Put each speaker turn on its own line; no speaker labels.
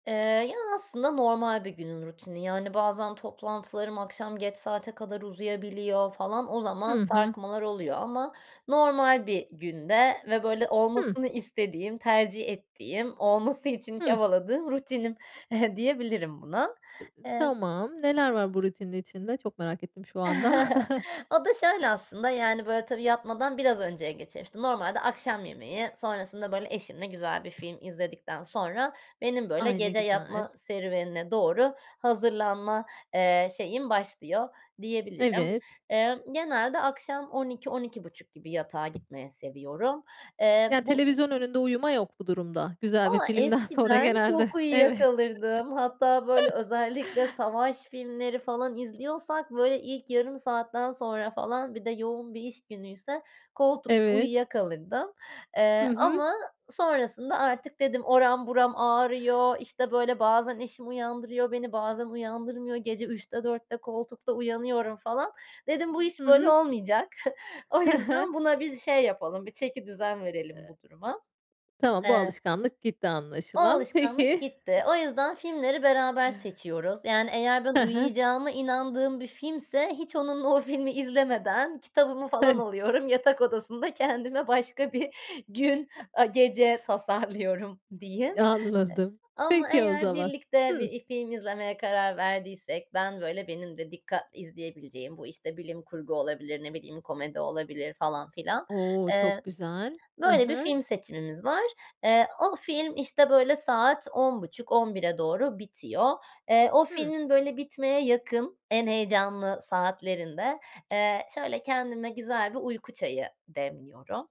Eee, ya, aslında normal bir günün rutini yani bazen toplantılarım akşam geç saate kadar uzayabiliyor falan o zaman
Hı hı.
sarkmalar oluyor ama normal bir günde ve böyle
Hı.
olmasını istediğim, tercih ettiğim, olması için
Hı.
çabaladığım rutinim diyebilirim buna
[unintelligible]
eee
Tamam, neler var bu rutinin içinde? Çok merak ettim şu anda.
O da şöyle: Aslında yani böyle tabii, yatmadan biraz önceye geçer, işte. Normalde akşam yemeği sonrasında böyle eşimle güzel bir film izledikten sonra benim böyle
Ay, ne
gece
güzel.
yatma serüvenine doğru hazırlanma, eee, şeyim başlıyor diyebilirim.
Evet.
Eee, genelde akşam 00.00 - 00.30 gibi yatağa gitmeyi seviyorum. Eee
Ya,
bu
televizyon önünde uyuma yok bu durumda, güzel bir
Valla
filmden sonra
eskiden
genelde.
çok uyuya
Evet.
kalırdım. Hatta böyle özellikle savaş filmleri falan izliyorsak böyle ilk yarım saatten sonra falan bir de yoğun bir iş günüyse koltukta
Evet.
uyuyakalırdım, eee,
Hı hı.
ama sonrasında artık dedim oram buram ağrıyor, işte, böyle bazen eşim uyandırıyor beni bazen uyandırmıyor gece 03.00 - 04.00 koltukta uyanıyorum falan, dedim bu
Hı
iş böyle
hı.
olmayacak o
He he.
yüzden buna biz şey yapalım bir çekidüzen verelim
E
bu duruma.
Tamam, bu
Eee
alışkanlık gitti
O
anlaşılan.
alışkanlık
Peki.
gitti. O yüzden filmleri beraber
[unintelligible]
seçiyoruz yani eğer ben
Hı hı.
uyuyacağıma inandığım bir filmse hiç onunla o filmi izlemeden kitabımı falan
Hıh.
alıyorum yatak odasında kendime başka bir gün a gece tasarlıyorum diyeyim E
Anladım
ama
peki o
eğer
zaman.
birlikte
Hı.
bir i film izlemeye karar verdiysek ben böyle benim de dikkatle izleyebileceğim bu, işte, bilim kurgu olabilir, ne bileyim, komedi olabilir falan filan,
O,
eee,
çok güzel. Hı
böyle bir
hı.
film seçimimiz var. Eee, o film, işte, böyle saat 22.30 - 23.00'e doğru bitiyor. Eee, o
Hı.
filmin böyle bitmeye yakın en heyecanlı saatlerinde, eee, şöyle kendime güzel bir uyku çayı demliyorum.